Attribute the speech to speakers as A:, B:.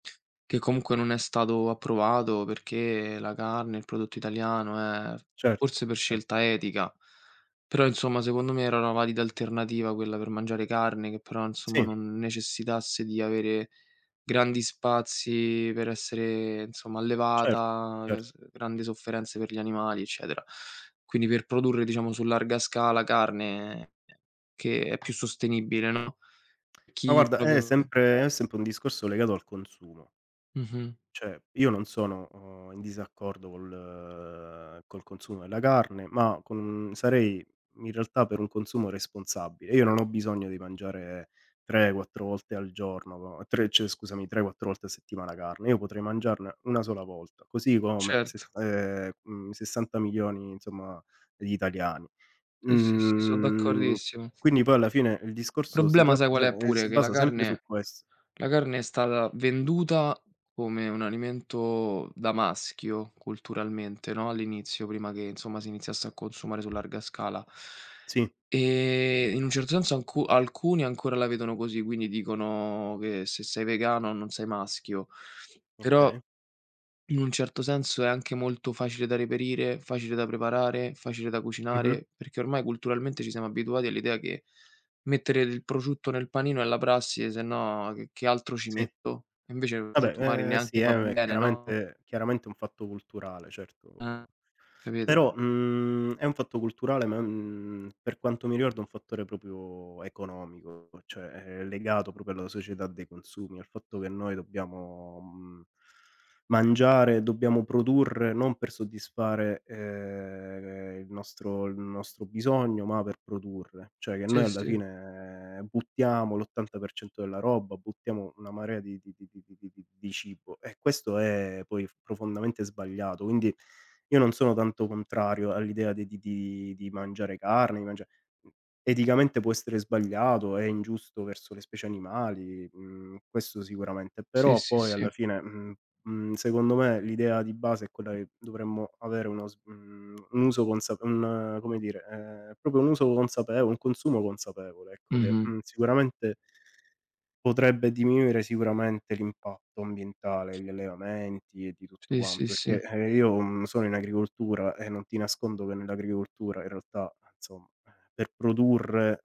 A: Che comunque non è stato approvato perché la carne, il prodotto italiano è
B: Certo,
A: forse per
B: ver
A: scelta etica, però insomma secondo me era la valida alternativa quella per mangiare carne, che però insomma
B: Sì.
A: non necessitasse di avere grandi spazi per essere insomma
B: Cer
A: allevata, e
B: cer
A: s ehm, grandi sofferenze per gli animali eccetera. Quindi per produrre diciamo su larga scala carne che è più sostenibile, no?
B: Ma
A: Chi
B: guarda è
A: proprio
B: sempre è sempre un discorso legato al consumo.
A: Mh-mh.
B: Cioè io non sono, uhm, in disaccordo col col consumo della carne, ma con sarei in realtà per un consumo responsabile. Io non ho bisogno di mangiare 3, 4 volte al giorno, tre cioè scusami 3, 4 volte a settimana carne, io potrei mangiarne 1 sola volta, così come sess
A: Certo.
B: ehm, mhmm, 60.000.000 insomma di italiani.
A: Sì, sì, sì, son
B: Mhmm,
A: d'accordissimo.
B: quindi poi alla fine il
A: Il
B: discorso si
A: problema
B: tratta
A: sai qual è
B: se
A: pure:
B: si
A: che la
B: basa sempre su
A: carne
B: ques
A: la carne è stalla venduta come un alimento da maschio culturalmente, no, all'inizio prima che insomma si iniziasse a consumare su larga scala.
B: Sì.
A: E in un certo senso alcu alcuni ancora la vedono così, quindi dicono che se sei vegano non sei maschio; però
B: Okay.
A: in un certo senso è anche molto facile da reperire, facile da preparare, facile da
B: Mh-mh.
A: cucinare, perché ormai culturalmente ci siamo abituati all'idea che mettere il prosciutto nel panino è la prassi sennò che che altro ci
B: Sì.
A: metto? E invece il prosciutto magari
B: Vabbè, ehm, sì
A: neanche fa
B: è mhmm, è
A: bene, no?
B: chiaramente chiaramente un fatto culturale
A: Eh,
B: certo.
A: capito?
B: Però, mhmm, è un fatto culturale ma, mhmm, per quanto mi riguarda è un fattore proprio economico, cioè è legato proprio alla società dei consumi, al fatto che noi dobbiamo, mhmm, mangiare, dobbiamo produrre non per soddisfare, ehm, il nostro il nostro bisogno, ma per produrre. Cioè che noi
A: Sì
B: alla
A: sì.
B: fine buttiamo l'80% della roba, buttiamo una marea di di di di di di di di cibo e questo è poi profondamente sbagliato. Quindi, io non sono tanto contrario all'idea di di di di mangiare carne, di mangiare mhmm, eticamente può essere sbagliato, è ingiusto verso le specie animali, mhmm, questo sicuramente.
A: Sì,
B: Però
A: sì,
B: poi alla
A: sì.
B: fine, mhmm mhmm secondo me l'idea di base è quella che dovremmo avere uno s mhmm, un uso consap un come dire, ehm, proprio un uso consapevole, un consumo consapevole ecco, che,
A: Mh-mh.
B: mhmm, sicuramente potrebbe diminuire sicuramente l'impatto ambientale, gli allevamenti e di tutto
A: Sì, sì,
B: quanto,
A: sì.
B: perché eh, io, mhmm, sono in agricoltura e non ti nascondo che nell'agricoltura in realtà insomma, per produrre